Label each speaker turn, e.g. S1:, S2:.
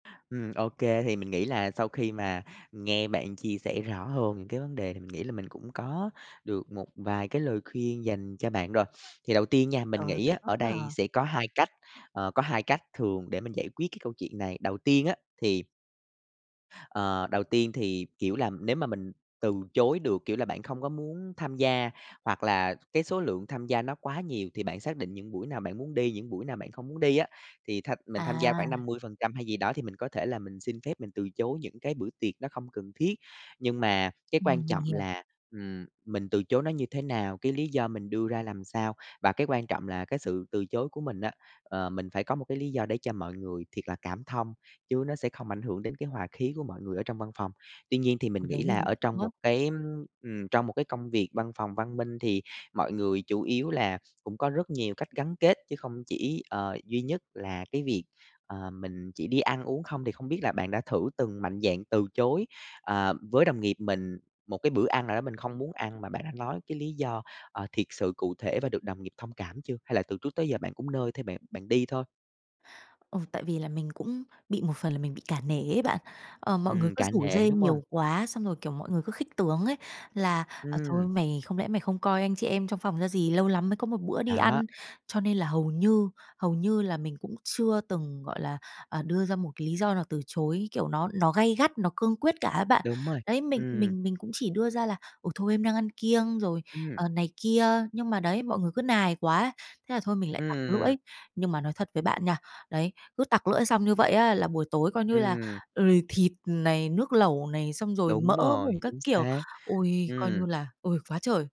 S1: Ừm, ô kê, thì mình nghĩ là sau khi mà nghe bạn chia sẻ rõ hơn những cái vấn đề, thì mình nghĩ là mình cũng có được một vài cái lời khuyên dành cho bạn rồi. Thì đầu tiên nha, mình
S2: Trời ơi,
S1: nghĩ
S2: vậy
S1: á
S2: tốt
S1: ở
S2: quá
S1: đây
S2: à!
S1: sẽ có 2 cách, ờ, có 2 cách thường để mình giải quyết cái câu chuyện này, đầu tiên á thì ờ, đầu tiên thì, kiểu là, nếu mà mình từ chối được, kiểu là, bạn không có muốn tham gia, hoặc là cái số lượng tham gia nó quá nhiều thì bạn xác định những buổi nào bạn muốn đi, những buổi nào bạn không muốn đi á. Thì tham mình tham gia khoảng
S2: À!
S1: 50% hay gì đó, thì mình có thể là mình xin phép, mình từ chối những cái bữa tiệc nó không cần thiết. Nhưng mà cái quan
S2: Ừm, mình
S1: trọng
S2: hiểu.
S1: là, ừm, mình từ chối nó như thế nào, cái lý do mình đưa ra làm sao, và cái quan trọng là cái sự từ chối của mình á, ờ, mình phải có một cái lý do để cho mọi người thiệt là cảm thông, chứ nó sẽ không ảnh hưởng đến cái hòa khí của mọi người ở trong văn phòng. Tuy nhiên thì mình
S2: Ờ, đấy,
S1: nghĩ
S2: mình
S1: là
S2: cũng
S1: ở
S2: sợ
S1: trong
S2: á!
S1: một cái, ưm, ừm, trong một cái công việc văn phòng văn minh thì mọi người chủ yếu là cũng có rất nhiều cách gắn kết, chứ không chỉ, ờ, duy nhất là cái việc, ờ, mình chỉ đi ăn uống không. Thì không biết là bạn đã thử từng mạnh dạn từ chối, ờ, với đồng nghiệp mình một cái bữa ăn nào đó mình không muốn ăn, mà bạn đã nói cái lý do, ờ, thiệt sự cụ thể và được đồng nghiệp thông cảm chưa? Hay là từ trước tới giờ bạn cũng nơi theo bạn bạn đi thôi?
S2: Ờ, tại vì là mình cũng bị một phần là mình bị cả nể ấy bạn. Ờ, mọi người
S1: Ừm,
S2: cứ
S1: cả
S2: rủ
S1: nể,
S2: rê
S1: đúng hông?
S2: nhiều quá, xong rồi, kiểu, mọi người cứ khích tướng ấy, là "Ờ, thôi,
S1: Ừm.
S2: mày không lẽ mày không coi anh chị em trong phòng ra gì? Lâu lắm mới có một bữa đi ăn."
S1: Đó.
S2: Cho nên là hầu như hầu như là mình cũng chưa từng, gọi là, ờ, đưa ra một cái lý do nào từ chối, kiểu, nó nó gay gắt, nó cương quyết cả á bạn.
S1: Đúng rồi,
S2: Đấy, mình
S1: ừm.
S2: mình mình cũng chỉ đưa ra là "Ồ, thôi, em đang ăn kiêng" rồi,
S1: Ừm.
S2: ờ, này kia, nhưng mà đấy, mọi người cứ nài quá ấy, thế là thôi mình lại
S1: Ưm,
S2: tặc
S1: ừm, ừm.
S2: lưỡi. Nhưng mà nói thật với bạn nha, đấy, cứ tặc lưỡi xong như vậy á là buổi tối coi như là,
S1: Ừm.
S2: ừ, r thịt này, nước lẩu này, xong rồi mỡ
S1: Đúng rồi,
S2: mủng các
S1: chính
S2: kiểu.
S1: xác,
S2: Ôi, coi như
S1: ừm.
S2: là ôi, quá trời!